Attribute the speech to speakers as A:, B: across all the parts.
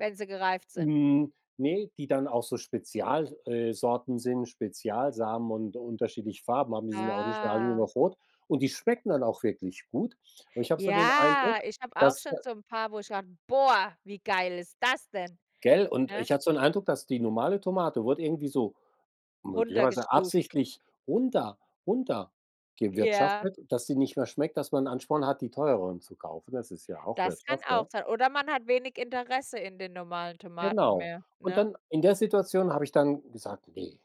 A: Wenn sie gereift sind.
B: Hm. Ne, die dann auch so Spezial äh, Sorten sind, Spezialsamen und unterschiedliche Farben haben. Die sind ja auch nicht mehr alle nur
A: Ah.
B: noch rot. Und die schmecken dann auch wirklich gut. Und ich habe so den
A: Ja,
B: Eindruck,
A: ich habe auch
B: dass
A: schon
B: der
A: so 'n paar, wo ich: [unintelligible] „Boah, wie geil ist das denn“,
B: Gell, und
A: ne?
B: ich hatte so 'n Eindruck, dass die normale Tomate wurde irgendwie so möglicherweise
A: Runtergestuft.
B: absichtlich runter
A: Ja.
B: runtergewirtschaftet, dass sie nicht mehr schmeckt, dass man 'n Ansporn hat, die teureren zu kaufen. Das ist ja auch
A: Das kann
B: Wirtschaft,
A: auch
B: ja.
A: sein. Oder man hat wenig Interesse in den normalen Tomaten
B: Genau.
A: mehr,
B: Und
A: ne?
B: dann in der Situation habe ich dann gesagt: „Ne,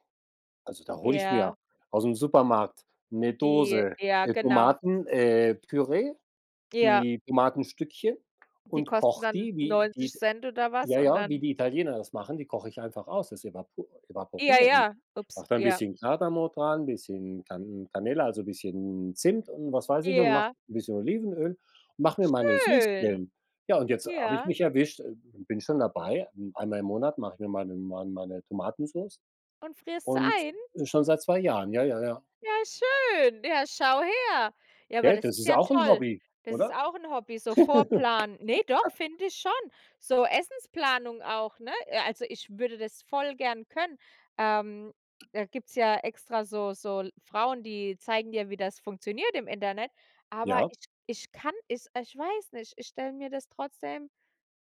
B: also, da hole ich mir
A: Ja.
B: aus'm Supermarkt 'ne
A: Die
B: Dose,
A: ja,
B: äh,
A: genau.
B: Tomaten äh, Püree,
A: Ja.
B: die Tomatenstückchen
A: Die
B: und
A: kosten
B: koche
A: dann
B: die, wie die
A: 90 ct oder was
B: ja
A: und
B: ja, wie
A: dann
B: die Italiener das machen, die koche ich einfach aus. Das evapo
A: Ja,
B: evaporiere ich.
A: ja, ups,
B: Mache da 'n
A: ja.
B: bisschen Kardamom dran, bisschen Can Canela, also, bisschen Zimt und was weiß ich und mache
A: Ja.
B: 'n bisschen Olivenöl, mache mir meine
A: Schön.
B: Süßquellen.“ Ja, und jetzt habe ich
A: Ja.
B: mich erwischt bin schon dabei, einmal im Monat mache ich mir meine mein meine Tomatensoße
A: Und frierst sie
B: und,
A: ein?
B: äh, schon seit 2 Jahren, ja, ja, ja.
A: Ja, schön. Ja, schau her. Ja, aber
B: Gell,
A: das
B: das
A: ist
B: ist
A: ja
B: auch 'n
A: toll.
B: Hobby,
A: Das ist
B: oder?
A: auch 'n Hobby, so Vorplanen. Ne, doch, finde ich schon. So Essensplanung auch, ne? Äh, also, ich würde das voll gern können. Ähm, da gibt's ja extra so so l Frauen, die zeigen dir, wie das funktioniert im Internet. Aber
B: Ja.
A: ich ich kann es ich weiß nicht, ich stelle mir das trotzdem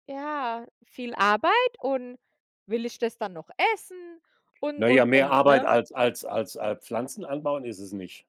A: ja, viel Arbeit und will ich das dann noch essen und,
B: Na
A: und,
B: ja, mehr
A: und,
B: Arbeit
A: ne?
B: als als als al Pflanzen anbauen ist es nicht.